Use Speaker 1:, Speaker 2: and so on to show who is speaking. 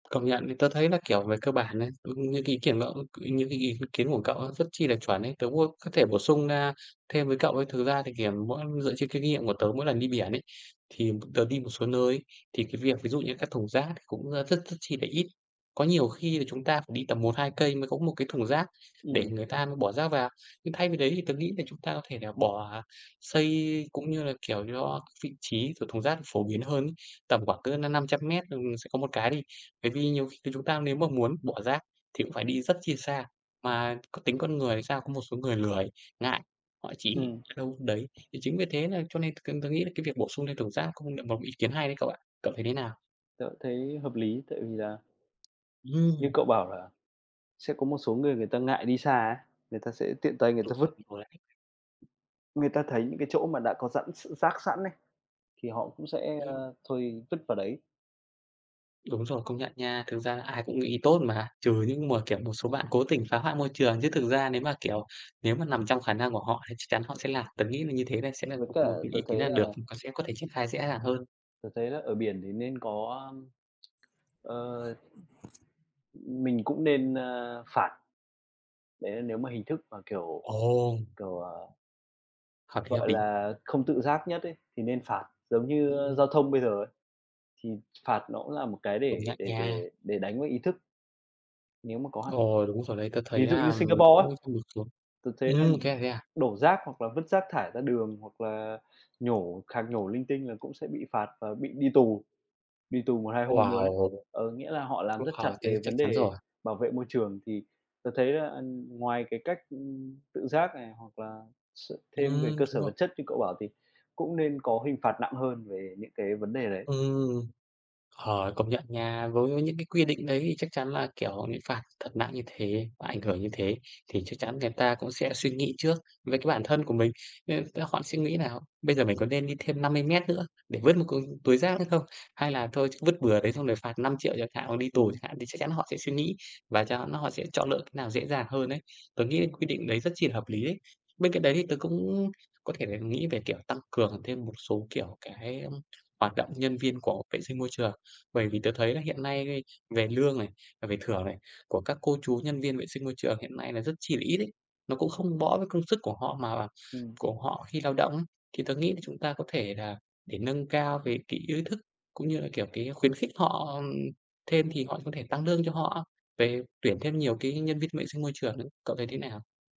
Speaker 1: Công nhận thì tớ thấy là, kiểu, về cơ bản ấy, nh những cái ý kiến đó những cái ý kiến của cậu á, rất chi là chuẩn ấy, tớ cũng có thể bổ sung, a, thêm với cậu ấy. Thực ra thì, kiểu, mỗi dựa trên cái kinh nghiệm của tớ mỗi lần đi biển ấy, thì tớ đi một số nơi, thì cái việc ví dụ như các thùng rác cũng rất rất chi là ít. Có nhiều khi là chúng ta phải đi tầm 1, 2 cây mới có một cái thùng rác để
Speaker 2: Ừm.
Speaker 1: người ta bỏ rác vào. Nhưng thay vì đấy thì tớ nghĩ thì chúng ta có thể là bỏ xây, cũng như là, kiểu, cho vị trí của thùng rác phổ biến hơn ấy, tầm khoảng cỡ năm năm trăm mét, ừm, sẽ có một cái đi. Bởi vì nhiều khi chúng ta nếu mà muốn bỏ rác thì cũng phải đi rất chi xa. Mà có tính con người thì sao, có một số người lười, ngại, họ chỉ
Speaker 2: Ừm.
Speaker 1: ở đâu vứt đấy. Thì chính vì thế nà cho nên cần tớ nghĩ là cái việc bổ sung thêm thùng rác cũng là một ý kiến hay đấy cậu ạ. Cậu thấy thế nào?
Speaker 2: Tớ thấy hợp lý, tại vì là như
Speaker 1: Ừm.
Speaker 2: cậu bảo là sẽ có một số người người ta ngại đi xa, người ta sẽ tiện tay người ta vứt.
Speaker 1: [unintelligible]
Speaker 2: Người ta thấy những cái chỗ mà đã có sẵn s rác sẵn ấy, thì họ cũng sẽ,
Speaker 1: Ừm.
Speaker 2: ơ, thôi vứt vào đấy.
Speaker 1: Đúng rồi, công nhận nha. Thực ra ai cũng nghĩ tốt mà, trừ những mà, kiểu, một số bạn cố tình phá hoại môi trường, chứ thực ra nếu mà, kiểu, nếu mà nằm trong khả năng của họ thì chắc chắn họ sẽ làm. Tớ nghĩ là như thế này sẽ là
Speaker 2: Với cả,
Speaker 1: một cái
Speaker 2: tớ
Speaker 1: ý kiến
Speaker 2: thấy
Speaker 1: là
Speaker 2: là
Speaker 1: được, có sẽ có thể triển khai dễ dàng hơn.
Speaker 2: Tớ thấy là ở biển thì nên có, a, ờ, mình cũng nên, ơ, phạt. Đấy là nếu mà hình thức mà kiểu
Speaker 1: Ồ.
Speaker 2: kiểu, ờ
Speaker 1: Hợp lý, hợp
Speaker 2: gọi
Speaker 1: lý.
Speaker 2: là, không tự giác nhất ấy, thì nên phạt giống như
Speaker 1: Ừm.
Speaker 2: giao thông bây giờ ấy, thì phạt nó cũng là một cái
Speaker 1: Công
Speaker 2: để
Speaker 1: nhận
Speaker 2: để để
Speaker 1: nha.
Speaker 2: để đánh với ý thức nếu mà có hạn ấy.
Speaker 1: Ồ. Đúng rồi đấy, tớ thấy
Speaker 2: Ví dụ như
Speaker 1: là
Speaker 2: Singapore á,
Speaker 1: cũng [unintelligible] xuống.
Speaker 2: tớ thấy là
Speaker 1: Ừm, thế à, thế à.
Speaker 2: đổ rác hoặc là vứt rác thải ra đường hoặc là nhổ khạc nhổ linh tinh là cũng sẽ bị phạt và bị đi tù, đi tù 1, 2 hôm luôn ấy.
Speaker 1: Wow.
Speaker 2: Ờ, nghĩa là họ làm rất
Speaker 1: [unintelligible]
Speaker 2: chặt
Speaker 1: Thế thì
Speaker 2: về
Speaker 1: chắc
Speaker 2: vấn
Speaker 1: chắn
Speaker 2: đề
Speaker 1: rồi.
Speaker 2: bảo vệ môi trường, thì tớ thấy là ngoài cái cách tự giác này hoặc là s thêm về
Speaker 1: Ừm,
Speaker 2: cơ
Speaker 1: đúng
Speaker 2: sở
Speaker 1: rồi.
Speaker 2: vật chất như cậu bảo thì cũng nên có hình phạt nặng hơn về những cái vấn đề đấy.
Speaker 1: Ừm. Ờ, công nhận nha với những cái quy định đấy thì chắc chắn là, kiểu, bị phạt thật nặng như thế, và ảnh hưởng như thế thì chắc chắn người ta cũng sẽ suy nghĩ trước với cái bản thân của mình. Nên [unintelligible] họ sẽ nghĩ là bây giờ mình có nên đi thêm 50 mét nữa để vứt một cái túi rác nữa không? Hay là thôi vứt bừa đấy xong rồi phạt 5.000.000 chẳng hạn, hoặc đi tù chẳng
Speaker 2: Ừm.
Speaker 1: hạn thì chắc chắn họ sẽ suy nghĩ và chắc hắn là họ sẽ chọn lựa cách nào dễ dàng hơn ấy. Tớ nghĩ quyết định đấy rất chi là hợp lý đấy. Bên cạnh đấy thì tớ cũng có thể nghĩ về, kiểu, tăng cường thêm một số, kiểu, cái hoạt động nhân viên của vệ sinh môi trường. Bởi vì tớ thấy là hiện nay, về lương này, về thưởng này, của các cô chú nhân viên vệ sinh môi trường hiện nay là rất chi là ít ấy. Nó cũng không bõ với công sức của họ mà
Speaker 2: Ừm.
Speaker 1: của họ khi lao động ấy. Thì tớ nghĩ là chúng ta có thể là để nâng cao cái cái ý thức cũng như là, kiểu, cái khuyến khích họ thêm thì họ có thể tăng lương cho họ về tuyển thêm nhiều cái nhân viên vệ sinh môi trường nữa. Cậu thấy thế nào?